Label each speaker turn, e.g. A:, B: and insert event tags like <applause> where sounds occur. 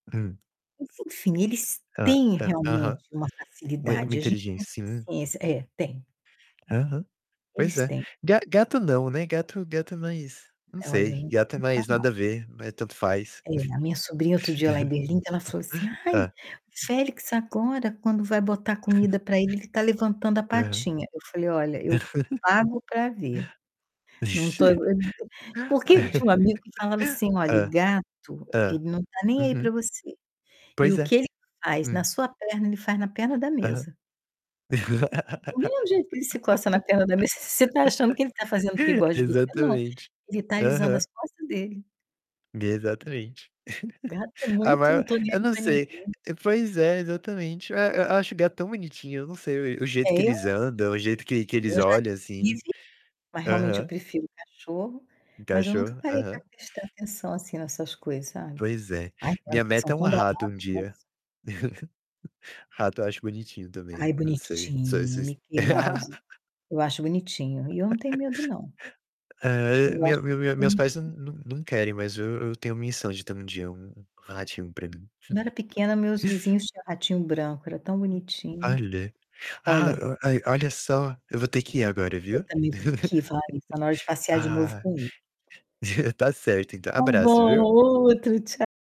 A: Hum.
B: Enfim, eles
A: Hã
B: têm
A: a aham.
B: realmente uma
A: Mui muito
B: facilidade, a gente
A: inteligên
B: tem que ter
A: sim.
B: paciência É, tem.
A: Aham, pois
B: Eles
A: é.
B: têm.
A: Ga gato não, né, gato gato é mais não
B: É, olha, eu
A: sei,
B: nunca
A: gato é
B: ouvi
A: mais
B: falar.
A: nada a ver, é tanto faz.
B: É, a minha sobrinha outro dia lá em
A: <chuckles>
B: Berlim, ela falou assim: "Ai, o
A: Hã.
B: Félix agora quando vai botar comida pra ele, ele tá
A: <chuckles>
B: levantando a
A: Aham.
B: patinha", eu falei: "Olha, eu pago pra ver". Não tô, eh
A: Aham.
B: porque eu tinha um amigo que falava assim:
A: <laughs>
B: "Olha, o
A: Hã,
B: gato
A: hã,
B: ele não tá nem aí pra
A: uhum.
B: você. E
A: Pois
B: o
A: é.
B: que ele faz na
A: Hum.
B: sua perna, ele faz na perna da
A: Aham.
B: mesa". Do mesmo jeito que ele se coça na perna da mesa, você tá achando que ele tá
A: <laughs>
B: fazendo porque gosta de você? Não,
A: Exatamente.
B: ele tá alisando as
A: Aham.
B: costas dele.
A: Exatamente.
B: Gato é
A: <chuckles> A
B: muito: "Não
A: maior
B: tô nem
A: eu
B: aí
A: não
B: pra
A: sei
B: ninguém".
A: Pois é, exatamente, e eu acho gato tão bonitinho. Não sei, o o
B: É,
A: jeito que
B: eu
A: eles
B: acho
A: andam, o jeito que que eles
B: bonitinho. Eu já
A: olham, assim.
B: tive, mas realmente eu
A: Aham.
B: prefiro cachorro, mas eu nunca
A: Encaixou?
B: parei pra
A: Aham.
B: prestar atenção assim nessas coisas, sabe.
A: Pois é.
B: Ai, eles
A: Minha meta
B: são
A: é um
B: tão
A: rato um
B: dramáticos, nossa!
A: dia. <chuckles> Rato eu acho bonitinho também,
B: Ai,
A: não sei. Sou
B: bonitinho,
A: esses
B: Mickey Mouse. Eu acho bonitinho e eu não tenho
A: <laughs>
B: medo, não.
A: eh,
B: Eu
A: meu
B: acho
A: meu
B: muito
A: meus pais n
B: bonitinho.
A: n não querem, mas eu eu tenho missão de ter um dia um um ratinho pra mim.
B: Quando eu era
A: Hum.
B: pequena, meus vizinhos tinham um ratinho branco, era tão bonitinho.
A: Olha. Ah,
B: Olha
A: a ai, olha só, eu vou ter que ir agora,
B: Eu
A: viu.
B: também vou ter que ir,
A: <chuckles>
B: falar nisso. Tá na hora de passear de novo
A: Ah,
B: com o <unintelligible>
A: tá certo, então.
B: Tá
A: Abraço,
B: bom,
A: viu?
B: outro tcha